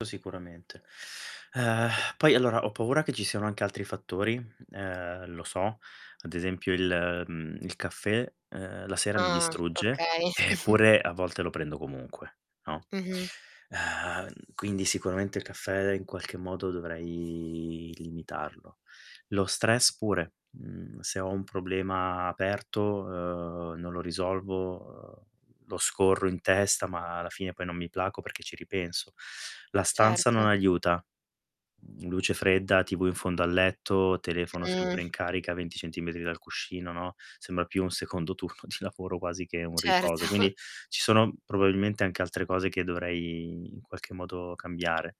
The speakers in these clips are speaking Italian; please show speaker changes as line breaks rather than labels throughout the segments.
To sicuramente. Uhm, poi allora ho paura che ci siano anche altri fattori, uhm, lo so. Ad esempio il, mhmm, il caffè, uhm, la sera mi
Ah,
distrugge
okay.
eppure a volte lo prendo comunque, no,
Mh-mh.
uhm, quindi sicuramente il caffè in qualche modo dovrei limitarlo. Lo stress pure, mhmm, se ho un problema aperto, uhm, non lo risolvo, uhm, lo scorro in testa ma alla fine poi non mi placo perché ci ripenso. La stanza
Certo.
non aiuta, mhmm, luce fredda, TV in fondo al letto, telefono sempre
Mh.
in carica 20 centimetri dal cuscino, no, sembra più un secondo turno di lavoro quasi che un riposo.
Certo.
Quindi, ci sono probabilmente anche altre cose che dovrei in qualche modo cambiare.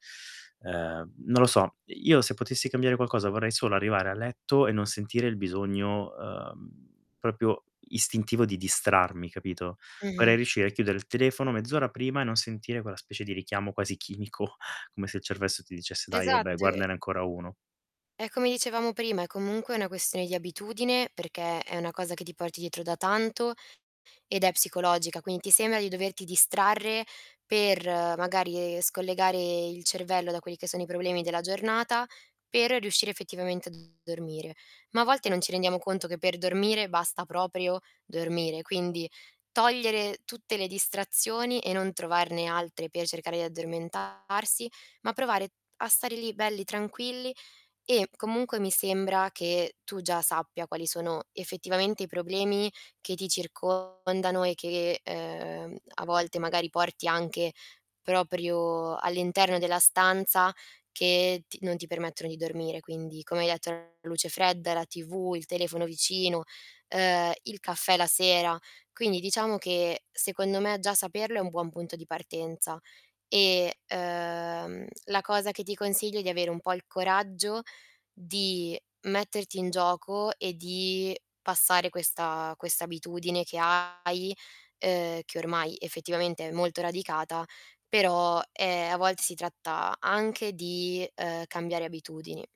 Uhm, non lo so, io se potessi cambiare qualcosa vorrei solo arrivare a letto e non sentire il bisogno, uhm, proprio istintivo di distrarmi, capito, vorrei
Mh-mh.
riuscire a chiudere il telefono mezz'ora prima e non sentire quella specie di richiamo quasi chimico come se il cervello ti dicesse: "Dai vabbè,
Esatto e
guardane ancora 1."
è come dicevamo prima, è comunque una questione di abitudine perché è una cosa che ti porti dietro da tanto ed è psicologica, quindi ti sembra di doverti distrarre per magari, e scollegare il cervello da quelli che sono i problemi della giornata per riuscire effettivamente a dormire. Ma a volte non ci rendiamo conto che per dormire basta proprio, dormire. Quindi, togliere tutte le distrazioni e non trovarne altre per cercare di addormentarsi, ma provare a stare lì belli tranquilli, e comunque mi sembra che tu già sappia quali sono effettivamente i problemi che ti circondano e che, uhm, a volte magari porti anche proprio all'interno della stanza che t non ti permettono di dormire. Quindi, come hai detto, la luce fredda, è la TV, il telefono vicino, uhm, il caffè la sera... quindi diciamo che secondo me, già saperlo è un buon punto di partenza e, uhm, la cosa che ti consiglio è di avere un po' il coraggio di metterti in gioco e di passare questa questa abitudine che hai, uhm, che ormai effettivamente è molto radicata, però, ehm, a volte si tratta anche di, uhm, di cambiare abitudini.